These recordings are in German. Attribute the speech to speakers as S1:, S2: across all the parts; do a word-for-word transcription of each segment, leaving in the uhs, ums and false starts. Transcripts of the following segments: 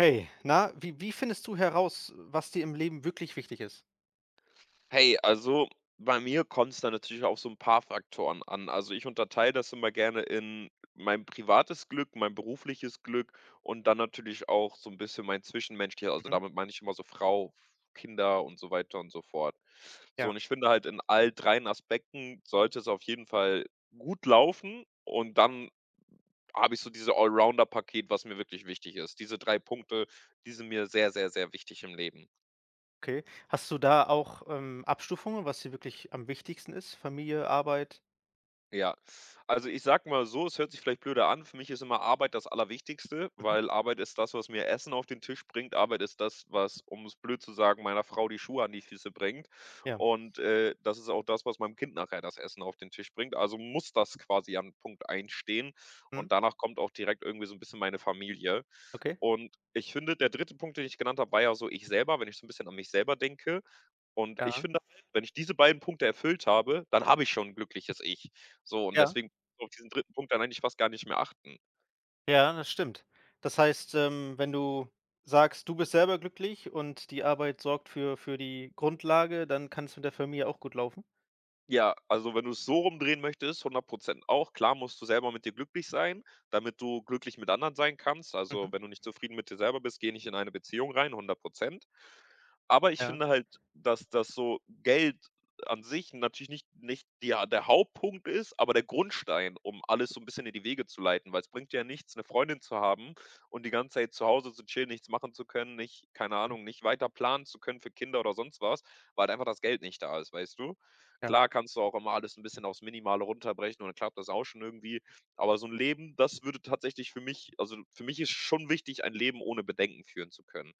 S1: Hey, na? Wie wie findest du heraus, äh, was dir im Leben wirklich wichtig ist?
S2: Hey. Also, bei mir kommt's da natürlich auf so 'n paar Faktoren an. Also, ich unterteile das immer gerne in mein privates Glück, mein berufliches Glück und dann natürlich auch so 'n bisschen mein Zwischenmenschlicher also,
S1: Mhm.
S2: damit meine ich immer so Frau, Kinder und so weiter und so fort. So,
S1: Ja.
S2: und ich finde halt, in all dreien Aspekten sollte es auf jeden Fall gut laufen. Und dann habe ich so diese Allrounder-Paket, was mir wirklich wichtig ist. Diese drei Punkte, die sind mir sehr, sehr, sehr wichtig im Leben.
S1: Okay. Hast du da auch, ähm, Abstufungen, was dir wirklich am wichtigsten ist, Familie, Arbeit?
S2: Ja. Also, ich sage mal so, es hört sich vielleicht blöde an, für mich ist immer Arbeit das Allerwichtigste,
S1: Mhm.
S2: weil Arbeit ist das, was mir Essen auf den Tisch bringt. Arbeit ist das, was um es blöd zu sagen meiner Frau die Schuhe an die Füße bringt.
S1: Ja.
S2: Und, äh, das ist auch das, was meinem Kind nachher das Essen auf den Tisch bringt, also muss das quasi an Punkt eins stehen.
S1: Mhm.
S2: Und danach kommt auch direkt irgendwie so 'n bisschen meine Familie.
S1: Okay.
S2: Und ich finde, der dritte Punkt, den ich genannt habe, war ja so ich selber, wenn ich so 'n bisschen an mich selber denke. Und ich
S1: Ja.
S2: finde halt, wenn ich diese beiden Punkte erfüllt habe, dann habe ich schon 'n glückliches Ich. So, und
S1: Ja.
S2: deswegen so auf diesen dritten Punkt kann man eigentlich fast gar nicht mehr achten.
S1: Ja, das stimmt. Das heißt, ähm, wenn du sagst, du bist selber glücklich und die Arbeit sorgt für für die Grundlage, dann kann's mit der Familie auch gut laufen?
S2: Ja, also, wenn du's so rumdrehen möchtest, hundert Prozent auch. Klar musst du selber mit dir glücklich sein, damit du glücklich mit anderen sein kannst. Also,
S1: Mhm.
S2: wenn du nicht zufrieden mit dir selber bist, gehe nicht in eine Beziehung rein, hundert Prozent. Aber ich
S1: Ja.
S2: finde halt, dass das so Geld an sich natürlich nicht nicht die der Hauptpunkt ist, aber der Grundstein, um alles so 'n bisschen in die Wege zu leiten. Weil's bringt ja nichts, 'ne Freundin zu haben und die ganze Zeit zu Hause zu chillen, nichts machen zu können, nicht keine Ahnung, nicht weiter planen zu können für Kinder oder sonst was, weil halt einfach das Geld nicht da ist, weißt du?
S1: Ja.
S2: Klar kannst du auch immer alles 'n bisschen aufs Minimale runterbrechen und dann klappt das auch schon irgendwie. Aber so 'n Leben, das würde tatsächlich für mich also, für mich ist schon wichtig, ein Leben ohne Bedenken führen zu können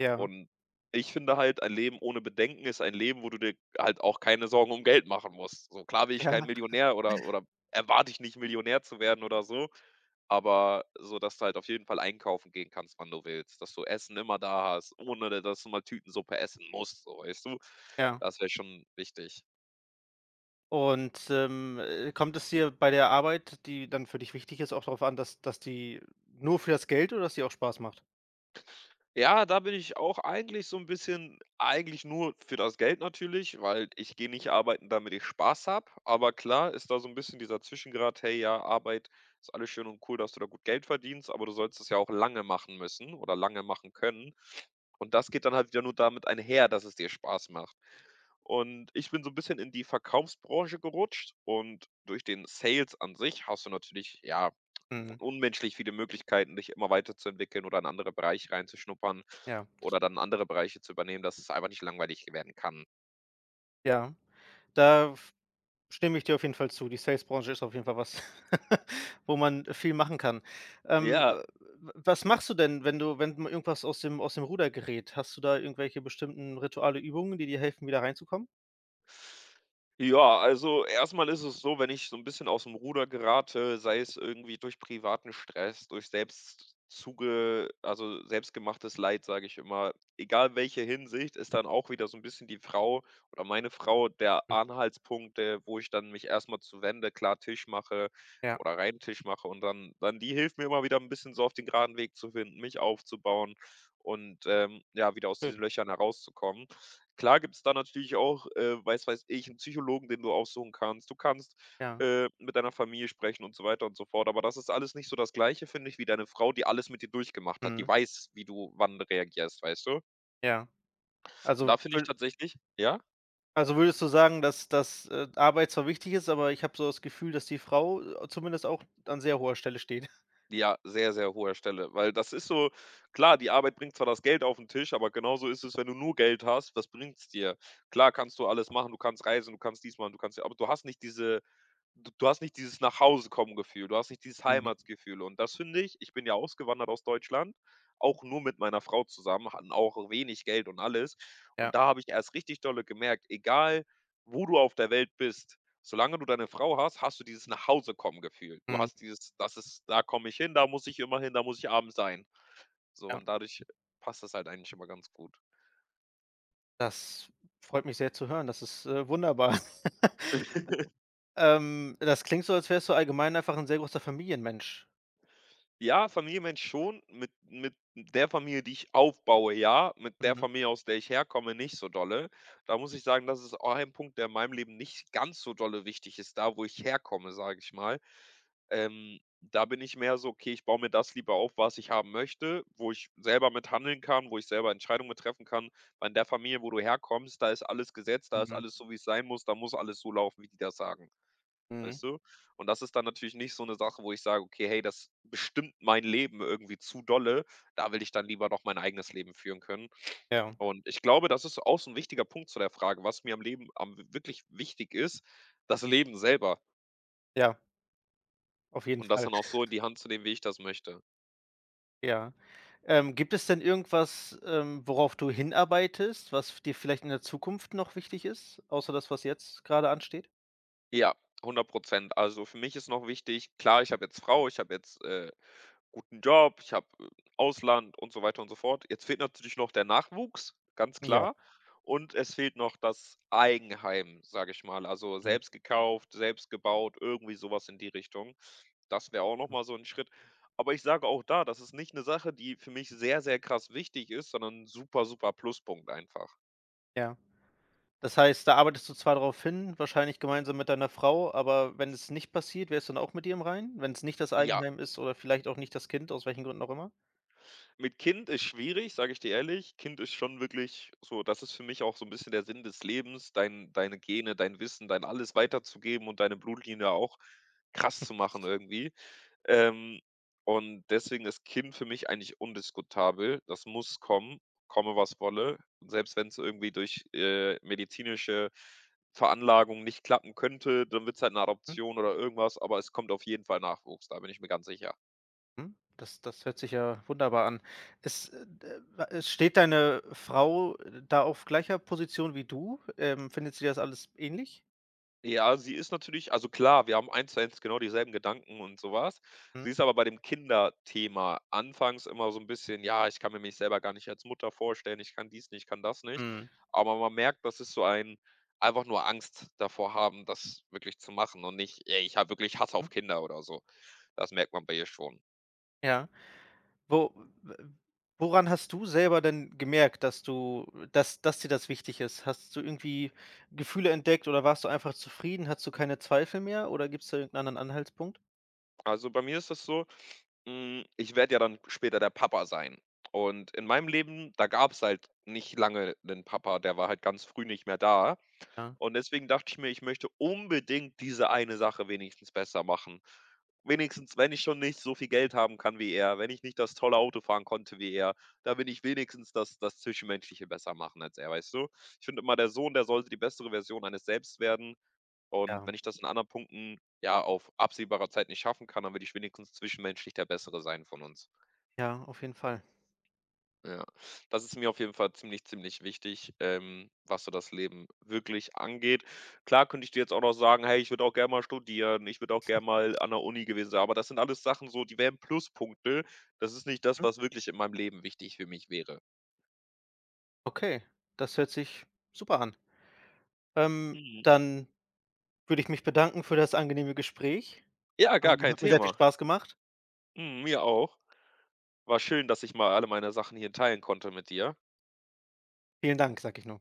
S1: Ja.
S2: und ich finde halt, ein Leben ohne Bedenken ist ein Leben, wo du dir halt auch keine Sorgen um Geld machen musst. So, klar bin ich
S1: Ja.
S2: kein Millionär oder oder erwarte ich nicht, Millionär zu werden oder so, aber so, dass du halt auf jeden Fall einkaufen gehen kannst, wann du willst, dass du Essen immer da hast, ohne da dass du mal Tütensuppe essen musst, so, weißt du?
S1: Ja.
S2: Das wär schon wichtig.
S1: Und, ähm, äh, kommt es dir bei der Arbeit, die dann für dich wichtig ist, auch drauf an, dass dass die nur für das Geld oder dass die auch Spaß macht?
S2: Ja, da bin ich auch eigentlich so 'n bisschen eigentlich nur für das Geld natürlich, weil ich gehe nicht arbeiten, damit ich Spaß habe. Aber klar ist da so 'n bisschen dieser Zwischengrad: „Hey, ja, Arbeit ist alles schön und cool, dass du da gut Geld verdienst, aber du sollst es ja auch lange machen müssen oder lange machen können.“ Und das geht dann halt wieder nur damit einher, dass es dir Spaß macht. Und ich bin so 'n bisschen in die Verkaufsbranche gerutscht und durch den Sales an sich hast du natürlich, ja,
S1: Mhm.
S2: unmenschlich viele Möglichkeiten, dich immer weiterzuentwickeln oder in andere Bereiche reinzuschnuppern,
S1: Ja, das
S2: oder
S1: stimmt.
S2: dann andere Bereiche zu übernehmen, dass es einfach nicht langweilig werden kann.
S1: Ja, da f stimme ich dir auf jeden Fall zu. Die Sales-Branche ist auf jeden Fall was, wo man viel machen kann. Ähm,
S2: Ja.
S1: äh, w was machst du denn, wenn du wenn mal irgendwas aus dem aus dem Ruder gerät? Hast du da irgendwelche bestimmten Rituale, Übungen, die dir helfen, wieder reinzukommen?
S2: Ja, also, erst mal ist es so, wenn ich so 'n bisschen aus’m Ruder gerate, sei es irgendwie durch privaten Stress, durch selbst zuge also, „selbstgemachtes Leid“, sage ich immer, egal welche Hinsicht, ist dann auch wieder so 'n bisschen die Frau oder meine Frau der
S1: Hm.
S2: Anhaltspunkt, äh, wo ich dann mich erst mal zuwende, klar Tisch mache
S1: Ja.
S2: oder reinen Tisch mache und dann dann die hilft mir immer wieder 'n bisschen so auf den graden Weg zu finden, mich aufzubauen und, ähm, ja, wieder aus diesen
S1: Schön.
S2: Löchern herauszukommen. Klar gibt's da natürlich auch, äh weiß weiß ich, 'n Psychologen, den du aufsuchen kannst. Du kannst,
S1: Ja.
S2: äh, mit deiner Familie sprechen und so weiter und so fort. Aber das ist alles nicht so das Gleiche, finde ich, wie deine Frau, die alles mit dir durchgemacht hat. Die
S1: Mhm.
S2: weiß, wie du wann reagierst, weißt du?
S1: Ja.
S2: Und
S1: Also,
S2: da finde ich
S1: wür
S2: tatsächlich ja?
S1: also, würdest du sagen, dass dass, äh, Arbeit zwar wichtig ist, aber ich habe so das Gefühl, dass die Frau, äh, zumindest auch an sehr hoher Stelle stehen.
S2: Ja, sehr, sehr hoher Stelle. Weil das ist so klar, die Arbeit bringt zwar das Geld auf 'n Tisch, aber genauso ist es, wenn du nur Geld hast, was bringt's dir? Klar kannst du alles machen. Du kannst reisen. Du kannst dies machen, du kannst aber du hast nicht diese d du hast nicht dieses Nach-Hause-Kommen-Gefühl. Du hast nicht dieses
S1: Mhm.
S2: Heimatgefühl. Und das finde ich ich bin ja ausgewandert aus Deutschland, auch nur mit meiner Frau zusammen, hatten auch wenig Geld und alles.
S1: Ja.
S2: Und da habe ich erst richtig dolle gemerkt: „Egal, wo du auf der Welt bist, solange du deine Frau hast, hast du dieses Nach-Hause-Kommen-Gefühl.“ Du
S1: Mhm.
S2: hast dieses: „Das ist da komme ich hin, da muss ich immer hin, da muss ich abends sein.“ So,
S1: Ja.
S2: und dadurch passt das halt eigentlich immer ganz gut.
S1: Das freut mich sehr zu hören. Das ist, äh, wunderbar. Ähm, das klingt so, als wärst du allgemein einfach 'n sehr großer Familienmensch.
S2: Ja, Familienmensch schon. Mit mit der Familie, die ich aufbaue, ja, mit der
S1: Mhm.
S2: Familie, aus der ich herkomme, nicht so dolle. Da muss ich sagen, das ist auch ein Punkt, der in meinem Leben nicht ganz so dolle wichtig ist: „Da, wo ich herkomme“, sage ich mal. Ähm, da bin ich mehr so: „Okay, ich baue mir das lieber auf, was ich haben möchte, wo ich selber mit handeln kann, wo ich selber Entscheidungen mit treffen kann.“ Weil in der Familie, wo du herkommst, da ist alles gesetzt. Da ist
S1: Mhm.
S2: alles so, wie's sein muss. Da muss alles so laufen, wie die das sagen.
S1: Mhm.
S2: Weißt du? Und das ist dann natürlich nicht so 'ne Sache, wo ich sage: „Okay, hey, das bestimmt mein Leben irgendwie zu dolle. Da will ich dann lieber noch mein eigenes Leben führen können.“
S1: Ja.
S2: Und ich glaube, das ist auch so 'n wichtiger Punkt zu der Frage, was mir am Leben am wi wirklich wichtig ist: Das Leben selber.
S1: Ja. Auf jeden
S2: Und das
S1: Fall.
S2: dann auch so in die Hand zu nehmen, wie ich das möchte.
S1: Ja. Ähm, gibt es denn irgendwas, ähm, worauf du hinarbeitest, was f dir vielleicht in der Zukunft noch wichtig ist, außer das, was jetzt grade ansteht?
S2: Ja, hundert Prozent. Also, für mich ist noch wichtig klar, ich habe jetzt Frau, ich habe jetzt, äh, guten Job, ich habe, äh, Ausland und so weiter und so fort. Jetzt fehlt natürlich noch der Nachwuchs, ganz
S1: Ja.
S2: klar. Und es fehlt noch das Eigenheim, sage ich mal. Also,
S1: Mhm.
S2: selbst gekauft, selbst gebaut, irgendwie so was in die Richtung. Das wäre auch noch
S1: [unintelligible]
S2: mal so 'n Schritt. Aber ich sage auch da, das ist nicht 'ne Sache, die für mich sehr, sehr krass wichtig ist, sondern super, super Pluspunkt einfach.
S1: Ja. Das heißt, da arbeitest du zwar drauf hin, wahrscheinlich gemeinsam mit deiner Frau, aber wenn es nicht passiert, wärst du dann auch mit dir im Reinen? Wenn's nicht das
S2: Ja.
S1: Eigenheim ist oder vielleicht auch nicht das Kind, aus welchen Gründen auch immer?
S2: Mit Kind ist schwierig, sage ich dir ehrlich. Kind ist schon wirklich so, das ist für mich auch so 'n bisschen der Sinn des Lebens, dein deine Gene, dein Wissen, dein Alles weiterzugeben und deine Blutlinie auch krass zu machen irgendwie. Ähm, und deswegen ist Kind für mich eigentlich undiskutabel. Das muss kommen, komme, was wolle. Und selbst wenn's irgendwie durch, äh, medizinische Veranlagung nicht klappen könnte, dann wird's halt 'ne
S1: Hm.
S2: Adoption oder irgendwas, aber es kommt auf jeden Fall Nachwuchs. Da bin ich mir ganz sicher.
S1: Hm, das das hört sich ja wunderbar an. Es, äh, d wa äh, steht deine Frau da auf gleicher Position wie du? Ähm, findet sie das alles ähnlich?
S2: Ja, sie ist natürlich also, klar, wir haben eins zu eins genau dieselben Gedanken und so was.
S1: Mhm.
S2: Sie ist aber bei dem Kinderthema anfangs immer so 'n bisschen: „Ja, ich kann mir mich selber gar nicht als Mutter vorstellen. Ich kann dies nicht, kann das nicht.“
S1: Mhm.
S2: Aber man merkt, dass es so ein einfach nur Angst davor haben, das wirklich zu machen, und nicht: „Ey, ich habe wirklich Hass auf
S1: Hm.
S2: Kinder,“ oder so. Das merkt man bei ihr schon.
S1: Ja. Wo w woran hast du selber denn gemerkt, dass du dass dass dir das wichtig ist? Hast du irgendwie Gefühle entdeckt oder warst du einfach zufrieden? Hattest du keine Zweifel mehr oder gibst da irgend 'nen anderen Anhaltspunkt?
S2: Also, bei mir ist das so, hm, ich werde ja dann später der Papa sein. Und in meinem Leben, da gab's halt nicht lange 'nen Papa, der war halt ganz früh nicht mehr da.
S1: Ja.
S2: Und deswegen dachte ich mir: „Ich möchte unbedingt diese eine Sache wenigstens besser machen.“ Wenigstens, wenn ich schon nicht so viel Geld haben kann wie er, wenn ich nicht das tolle Auto fahren konnte wie er, da bin ich wenigstens das das Zwischenmenschliche besser machen als er, weißt du? Ich finde immer, der Sohn, der sollte die bessere Version eines Selbst werden. Und
S1: Ja.
S2: wenn ich das in anderen Punkten, ja, auf absehbarer Zeit nicht schaffen kann, dann würde ich wenigstens zwischenmenschlich der Bessere sein von uns.
S1: Ja, auf jeden Fall.
S2: Ja. Das ist mir auf jeden Fall ziemlich, ziemlich wichtig, ähm, was so das Leben wirklich angeht. Klar könnte ich dir jetzt auch noch sagen: „Hey, ich würde auch gern mal studieren, ich würde auch gern mal an 'ner Uni gewesen sein“, aber das sind alles Sachen so, die wären Pluspunkte. Das ist nicht das,
S1: Mhm.
S2: was wirklich in meinem Leben wichtig für mich wäre.
S1: Okay, das hört sich super an. Ähm,
S2: Mhm.
S1: dann würde ich mich bedanken für das angenehme Gespräch.
S2: Ja, gar
S1: Ähm,
S2: kein
S1: hat mir sehr viel
S2: Thema!
S1: Spaß gemacht.
S2: Mhm, mir auch. War schön, dass ich mal alle meine Sachen hier teilen konnte mit dir.
S1: Vielen Dank, sage ich nur.